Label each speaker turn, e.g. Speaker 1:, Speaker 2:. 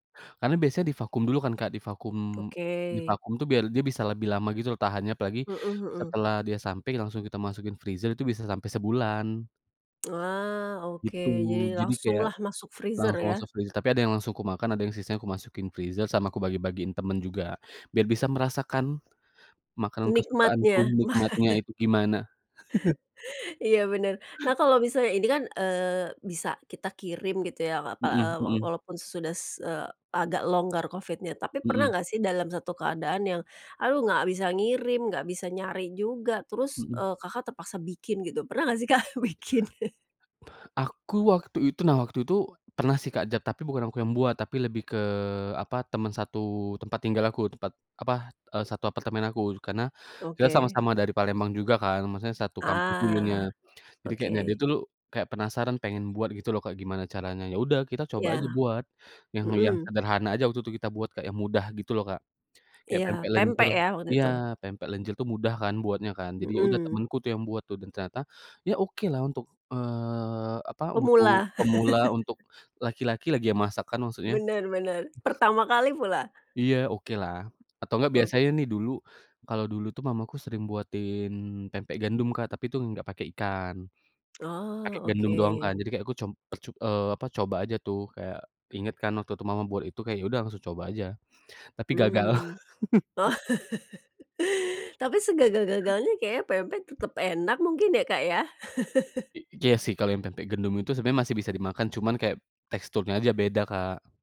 Speaker 1: Karena biasanya divakum dulu kan Kak, divakum
Speaker 2: Oke.
Speaker 1: divakum tuh biar dia bisa lebih lama gitu loh tahannya, apalagi
Speaker 2: Mhm mhm.
Speaker 1: setelah dia sampai langsung kita masukin freezer itu bisa sampai sebulan.
Speaker 2: Wah, oke.
Speaker 1: Gitu,
Speaker 2: Jadi
Speaker 1: jadi kayak,
Speaker 2: langsunglah masuk freezer
Speaker 1: langsung
Speaker 2: ya.
Speaker 1: masuk freeze tapi ada yang langsung kumakan ada yang sisanya ku masukin freezer, sama aku bagi-bagiin temen juga. Biar bisa merasakan makanan kesukaanku,
Speaker 2: Nikmatnya.
Speaker 1: nikmatnya itu gimana.
Speaker 2: Iya, bener. Nah kalau misalnya ini kan, eee, bisa kita kirim gitu ya, o apa e
Speaker 1: Mhm,
Speaker 2: wo
Speaker 1: mhm.
Speaker 2: walaupun sesudah se e agak longgar Covid-nya. Tapi pernah
Speaker 1: Mhm.
Speaker 2: nggak sih dalam satu keadaan yang, aduh nggak bisa ngirim, nggak bisa nyari juga, terus e
Speaker 1: Mhm.
Speaker 2: Kakak terpaksa bikin, gitu? Pernah nggak sih Kak bikin?
Speaker 1: Aku waktu itu nah waktu itu pernah sih Kak jap tapi bukan aku yang buat, tapi lebih ke apa? Teman satu tempat tinggal aku, tempat apa? E satu apartemen aku, karena kita
Speaker 2: Oke.
Speaker 1: sama-sama dari Palembang juga kan, maksudnya satu kampus dulunya.
Speaker 2: Ah.
Speaker 1: Jadi kayaknya dia
Speaker 2: Oke.
Speaker 1: tulu kayak penasaran pengen buat gitu loh Kak, gimana caranya. Ya udah kita coba aja
Speaker 2: Iya,
Speaker 1: buat, yang yang
Speaker 2: mhm.
Speaker 1: sederhana aja waktu tuh kita buat Kak, yang mudah gitu loh, Kak. Kayak
Speaker 2: Iya,
Speaker 1: pempek lenjer
Speaker 2: pempek ya, waktu
Speaker 1: iya,
Speaker 2: itu?
Speaker 1: pempek lenjer itu mudah kan, buatnya kan. Jadi ya udah
Speaker 2: Mhm.
Speaker 1: temenku tuh, yang buat tuh, dan ternyata, ya okelah untuk eee, apa?
Speaker 2: Pemula.
Speaker 1: Untuk pemula, untuk laki-laki lagi yang masak kan, maksudnya.
Speaker 2: Bener bener. Pertama kali pula.
Speaker 1: Iya, okelah. Atau nggak
Speaker 2: Ok
Speaker 1: biasanya nih dulu, kalau dulu tuh mamaku sering buatin pempek gendum, Kak. Tapi itu nggak pakai ikan. Pakai
Speaker 2: Oh,
Speaker 1: gandum doang kan,
Speaker 2: oke.
Speaker 1: jadi kayak aku cob percob eee, apa? Coba aja tuh, kayak inget kan waktu itu mama buat itu kayak ya udah langsung coba aja, tapi gagal.
Speaker 2: Mmm. Oh. Tapi segagal-gagalnya kayaknya pempek tetep enak mungkin ya, Kak, ya?
Speaker 1: I iya sih, kalau yang pempek gendum itu sebenarnya masih bisa dimakan cuman kayak, teksturnya aja beda, Kak.